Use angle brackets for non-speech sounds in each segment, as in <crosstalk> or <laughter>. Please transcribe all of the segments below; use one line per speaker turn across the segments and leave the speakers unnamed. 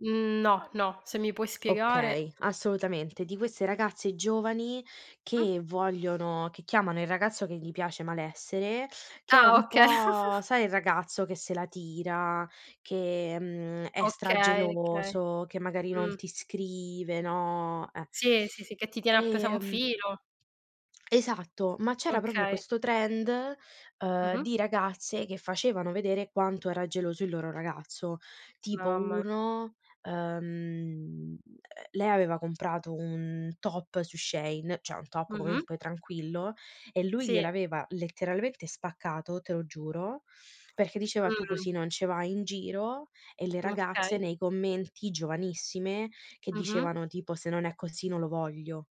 Mhmm, no, no, se mi puoi spiegare.
Okay, assolutamente. Di queste ragazze giovani
Mh.
che vogliono che chiamano il ragazzo che gli piace: "malessere", che è
Ah,
un
okay.
po',
<chuckles>
sai, il ragazzo che se la tira che, mhmm, è
Okay, okay.
stra-geloso, che magari non
Mh.
ti scrive, no, eh.
Sì, sì, sì che ti tiene appeso a un
Ehm
filo.
esatto, ma c'era proprio
Okay.
questo trend, uhm,
Mh-mh.
di ragazze che facevano vedere quanto era geloso il loro ragazzo. Tipo:
Mamma
uno, uhm, uhm, lei aveva comprato un top su Shein, cioè un top
Mh-mh.
comunque tranquillo, e lui
Sì.
gliel'aveva letteralmente spaccato, te lo giuro, perché diceva: "Tu
Mh.
così non ce vai in giro", e le ragazze
Okay.
nei commenti, giovanissime, che
Mh-mh.
dicevano tipo: "Se non è così non lo voglio".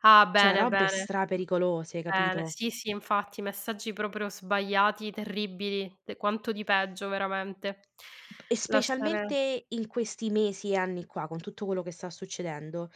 Ah!
Cioè
Bene,
robe
bene.
stra-pericolose,
Bene,
capito?
sì, sì, infatti messaggi proprio sbagliati, terribili, de quanto di peggio, veramente.
E
Lasciare
specialmente in questi mesi e anni qua, con tutto quello che sta succedendo,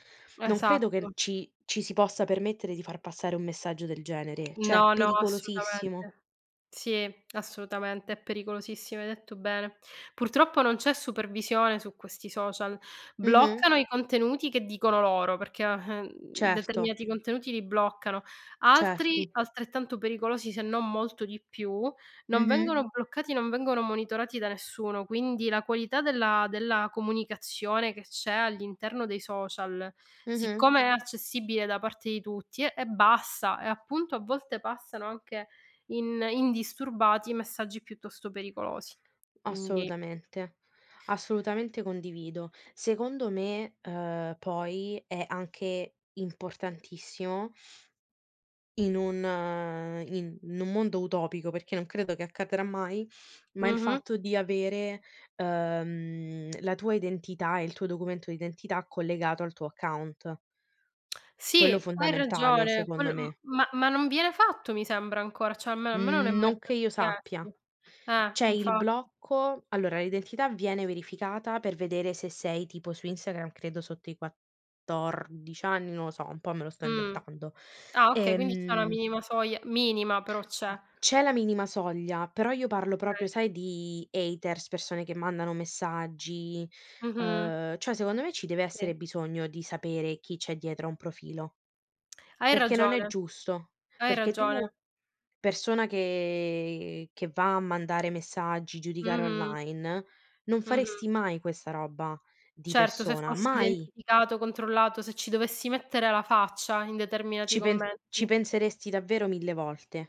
non credo che n
Esatto.
ci ci si possa permettere di far passare un messaggio del genere. Cioè, è
No, no,
pericolosissimo.
assolutamente. Sì, assolutamente. È pericolosissimo, hai detto bene. Purtroppo non c'è supervisione su questi social.
Mh-mh.
Bloccano i contenuti che dicono loro perché, o ehm,
Certo.
determinati contenuti li bloccano; altri,
Certo.
altrettanto pericolosi, se non molto di più, non
Mh-mh.
vengono bloccati, non vengono monitorati da nessuno. Quindi la qualità della della comunicazione che c'è all'interno dei social,
Mh-mh.
siccome è accessibile da parte di tutti, è è bassa e, appunto, a volte passano anche in indisturbati i messaggi piuttosto pericolosi. Quindi
Assolutamente, assolutamente condivido. Secondo me, uhm, poi è anche importantissimo in un, ehm in in un mondo utopico, perché non credo che accadrà mai, ma il
Mh-mh.
fatto di avere, uhm, la tua identità e il tuo documento d'identità collegato al tuo account. Quello
Sì, hai
fondamentale,
ragione.
secondo
Quello m
me.
ma ma non viene fatto, mi sembra ancora, cioè almeno a me non è
Mhmm,
mai
non che
stato
io sappia.
richiesto. Eh,
C'è il
infatti.
blocco allora, l'identità viene verificata per vedere se sei, tipo, su Instagram credo sotto i 14 anni, non lo so, un po' me lo sto
Mh.
inventando.
Ah, okay, quindi c'è una
Ehm
minima soglia, minima però c'è.
C'è la minima soglia, però io parlo
Okay.
proprio, sai, di haters, persone che mandano messaggi,
Mh-mh.
uhm, cioè secondo me ci deve
Sì.
essere bisogno di sapere chi c'è dietro a un profilo
Hai
perché non è
ragione,
giusto,
hai
perché
ragione.
tu persona che che va a mandare messaggi, giudicare
Mh-mh.
online, non
Mh-mh.
faresti mai questa roba di
Certo, se
persona,
fossi
mai!
identificato, controllato, se ci dovessi mettere la faccia in determinati
Ci pen ci
commenti.
penseresti davvero mille volte.